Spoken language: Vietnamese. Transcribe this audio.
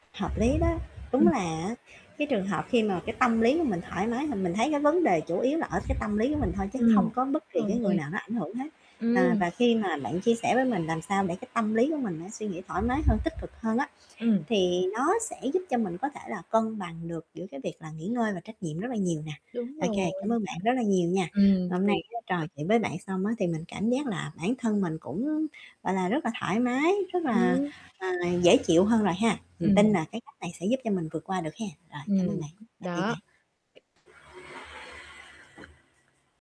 Hợp lý đó, đúng Ừm. là, á, cái trường hợp khi mà cái tâm lý của mình thoải mái thì mình thấy cái vấn đề chủ yếu là ở cái tâm lý của mình thôi chứ Ừm, không có bất kỳ cái rồi. người nào nó ảnh hưởng hết. À, Ừm. và khi mà bạn chia sẻ với mình làm sao để cái tâm lý của mình nó suy nghĩ thoải mái hơn, tích cực hơn á, Ừm. thì nó sẽ giúp cho mình có thể là cân bằng được giữa cái việc là nghỉ ngơi và trách nhiệm rất là nhiều nè. Đúng Ô rồi. kê, cảm ơn bạn rất là nhiều nha. Ừm, Hôm nay thiệt. á, trò chuyện với bạn xong á, thì mình cảm giác là bản thân mình cũng, gọi là, rất là thoải mái, rất là, Ừm. à, dễ chịu hơn rồi ha, mình tin Ừm. là cái cách này sẽ giúp cho mình vượt qua được ha. Rồi, cảm ơn Ừm, bạn, tạm biệt đó. bạn.